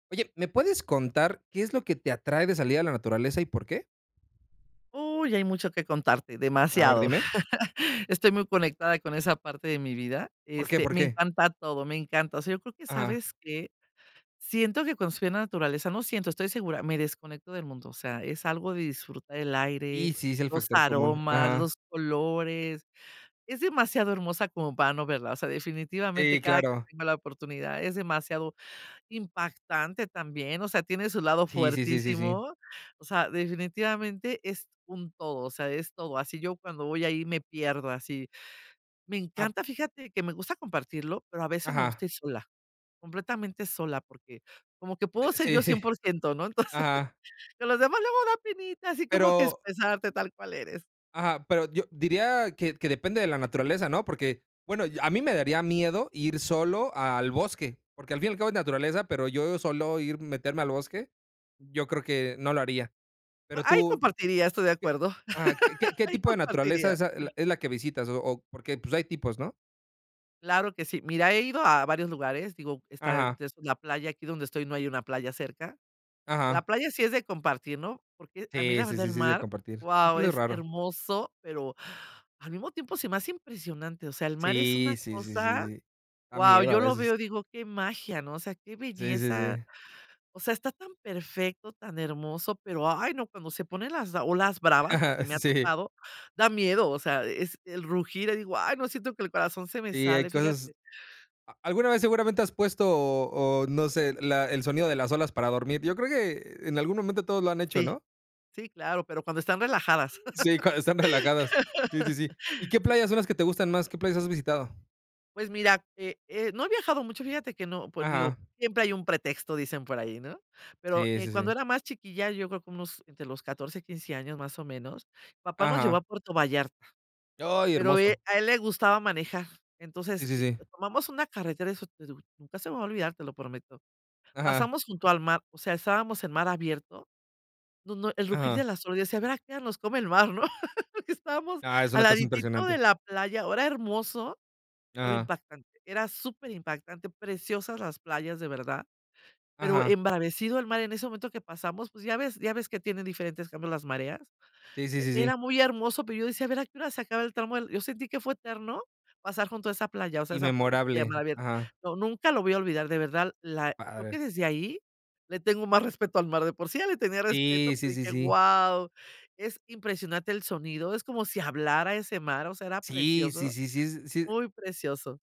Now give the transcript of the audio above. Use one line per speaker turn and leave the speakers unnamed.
Oye, ¿me puedes contar qué es lo que te atrae de salir a la naturaleza y por qué?
Uy, hay mucho que contarte,
A ver,
demasiado.
dime.
Estoy muy conectada con esa parte de mi vida,
¿Por qué?
este,
¿Por
me
qué?
encanta todo, me encanta, o sea, yo creo que,
Ajá.
¿sabes qué?, siento que cuando estoy en la naturaleza no siento, estoy segura, me desconecto del mundo, o sea, es algo de disfrutar el
Y
aire,
sí, es el
los
factor común.
aromas,
Ajá.
los colores. Es demasiado hermosa como para no verla, o sea, definitivamente
Sí,
cada que
claro.
tengo la oportunidad, es demasiado impactante también, o sea, tiene su lado
Sí, sí, sí, sí, sí.
fuertísimo, o sea, definitivamente es un todo, o sea, es todo. Así, yo cuando voy ahí me pierdo así. Me
Ah.
encanta, fíjate que me gusta compartirlo, pero a veces me
Ajá.
gusta ir sola, completamente sola porque como que
Eh,
puedo ser yo
sí.
100%, ¿no? Entonces,
Ajá.
con los demás luego da penita, así como que
Pero
expresarte tal cual eres.
Ajá, pero yo diría que que depende de la naturaleza, ¿no? Porque, bueno, a mí me daría miedo ir solo al bosque, porque al fin y al cabo, es naturaleza, pero yo solo ir, meterme al bosque, yo creo que no lo haría. Pero
Ahí
tú,
compartiría, estoy de
¿qué?
acuerdo.
Ajá, ¿qué qué
Ahí
tipo de naturaleza
compartiría.
es a es la que visitas, o o? Porque, pues hay tipos, ¿no?
Claro que sí. Mira, he ido a varios lugares, digo, está
Ajá.
entre esos la playa, aquí donde estoy no hay una playa cerca. La
Ajá.
playa sí es de compartir, ¿no? Porque a mí
Sí,
la
sí,
verdad,
sí,
el
sí es de
mar,
compartir. Ir
guau,
solo, es
es
raro.
hermoso, pero al mismo tiempo se me hace impresionante, o sea, el mar es
Sí,
una
sí, sí, sí,
cosa,
sí, da
guau,
miedo a
yo lo
veces.
veo y digo: "Qué magia", ¿no?, o sea, qué
Sí, sí,
belleza.
sí.
O sea, está tan perfecto, tan hermoso, pero ay, no, cuando se ponen las olas bravas, porque me ha
Sí.
tocado, da miedo, o sea, es el rugir, ahí digo: "Ay, no, siento que el corazón se me
Sí, hay
sale",
cosas
fíjate.
a alguna vez, seguramente, has puesto o o no sé, la el sonido de las olas para dormir. Yo creo que, en algún momento, todos lo han hecho,
Sí.
¿no?
Sí, claro, pero cuando están relajadas.
Sí, cuando están relajados. Sí, sí, sí, ¿y qué
Sí.
playas son las que te gustan más? ¿Qué playas has visitado?
Pues mira, eh, eh, no he viajado mucho, fíjate que no, pues digo:
Ajá.
"Siempre hay un pretexto", dicen por ahí, ¿no? Pero,
Sí,
eh,
sí,
cuando
sí.
era más chiquilla, yo creo como unos entre los 14, 15 años, más o menos, papá nos llevó a
Ajá.
Puerto Vallarta
Ay,
pero, eh,
hermoso.
a él le gustaba manejar.
Sí,
Entonces,
sí,
eh,
sí.
tomamos una carretera, eso [unintelligible] nunca se me va a olvidar, te lo prometo.
Ajá.
Pasamos junto al mar, o sea, estábamos en mar abierto, no, no, el rugir
Ajá.
de las olas, yo decía: "A ver a qué hora nos come el mar", ¿no? Porque estábamos
Ah, es
al
una cosa
laditito de
impresionante.
la playa, era hermoso, pero
Ajá.
impactante, era superimpactante, preciosas las playas, de verdad, pero
Ajá.
embravecido el mar en ese momento que pasamos, pues ya ves ya ves que tienen diferentes cambios las mareas.
Sí, sí,
E
sí, sí.
era muy hermoso, pero yo decía: "A ver a qué hora se acaba el tramo". Yo sentí que fue eterno pasar junto a esa playa, o sea,
Y
esa p playa a mar
memorable.
abierto.
Ajá.
No, nunca lo voy a olvidar, de verdad.
Qué
La creo
padre.
que desde ahí le tengo más respeto al mar, de por sí ya le tenía respeto,
Sí,
pero
sí, sí,
dije:
sí.
"Guau, es impresionante el sonido". Es como si hablara ese mar, o sea, era
Sí, sí,
precioso,
sí, sí es sí.
muy precioso